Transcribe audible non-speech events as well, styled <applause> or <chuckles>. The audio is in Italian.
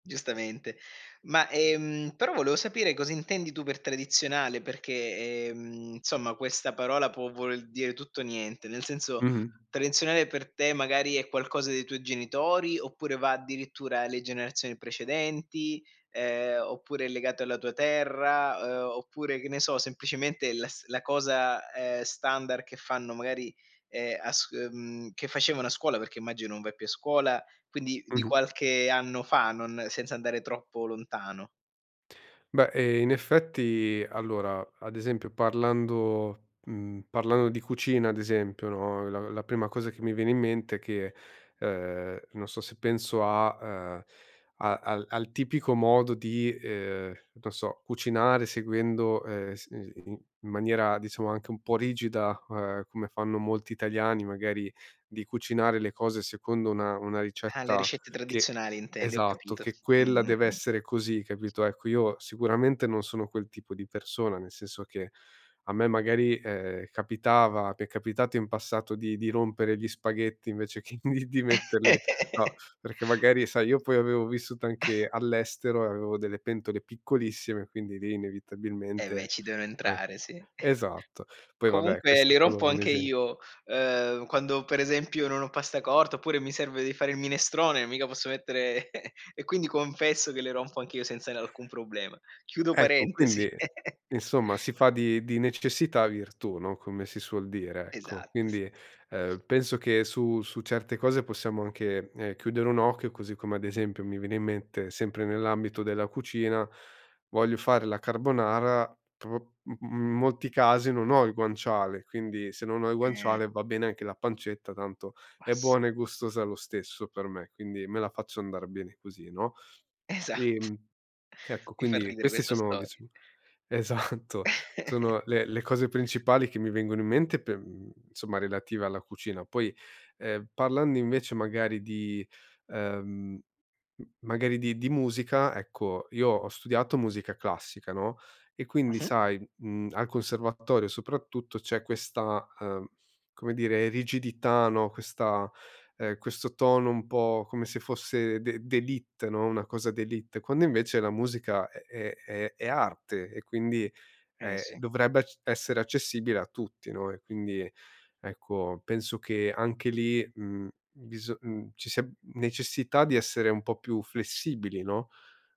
Giustamente. Ma, ehm, però volevo sapere cosa intendi tu per tradizionale perché, ehm insomma questa parola può voler dire tutto o niente. Nel senso Mh-mh. tradizionale per te magari è qualcosa dei tuoi genitori oppure va addirittura alle generazioni precedenti, ehm, oppure è legato alla tua terra, ehm, oppure, che ne so, semplicemente la s la cosa, ehm, standard che fanno magari, ehm, a s mhmm, che facevano a scuola, perché immagino non vai più a scuola, quindi di Mh-mh. qualche anno fa, non senza andare troppo lontano. Beh, ehm, in effetti, allora, ad esempio parlando, mhmm, parlando di cucina ad esempio, no, la la prima cosa che mi viene in mente è che, ehm, non so, se penso a ehm, a al al tipico modo di, ehm, non so cucinare seguendo, ehm, s i s ni i in maniera diciamo anche un po' rigida, ehm, come fanno molti italiani, magari di cucinare le cose secondo una una Ah, le ricetta ricette che tradizionali intendi, ho esatto, capito. che quella Mh-mh, deve mh. essere così, capito? Ecco, io sicuramente non sono quel tipo di persona, nel senso che a me magari, ehm, capitava mi è capitato in passato di di rompere gli spaghetti invece che in di metterli, no, <laughs> perché magari sai io poi avevo vissuto <chuckles> anche all'estero e avevo delle pentole piccolissime, quindi lì Eh ve', inevitabilmente, ci devo anche entrare, sì. esatto. Poi va beh, Comunque questo è li solo rompo un anche esempio. io, ehm, quando per esempio non ho pasta corta oppure mi serve di fare il minestrone, mica posso mettere <chuckles> e quindi confesso che le rompo anch'io senza n alcun problema. Chiudo Ecco, parentesi. quindi <chuckles> insomma si fa di di necessità virtù, no, come si suol dire, ecco. Esatto, sì. Quindi, ehm, penso che su su certe cose possiamo anche, ehm, chiudere un occhio. Così come, ad esempio, mi viene in mente sempre nell'ambito della cucina, voglio fare la carbonara, però u uhm, in molti casi non ho il guanciale, quindi se non ho il Eh. guanciale, va bene anche la pancetta, tanto Ma è sì. buona e gustosa lo stesso per me, quindi me la faccio andar bene così, no? Esat Ehm. Che ecco, Mi fa quindi, ridere questi questa sono storia. diciamo esatto, <chuckles> sono le le cose principali che mi vengono in mente per uhm, insomma relative alla cucina. Poi, ehm, parlando invece magari di, ehm, m magari di di musica, ecco io ho studiato musica classica, no. E quindi Mh-mh. sai, uhm, al conservatorio soprattutto, c'è questa, ehm, come dire rigidità, no, questa ehm, questo tono un po' come se fosse d'e d'élite, no, una cosa d'élite. Quando invece la musica è è è è arte e quindi, Eh ehm, sì. dovrebbe c essere accessibile a tutti, no? E quindi ecco penso che anche lì, uhm, biso uhm, ci sia necessità di essere un po' più flessibili, no?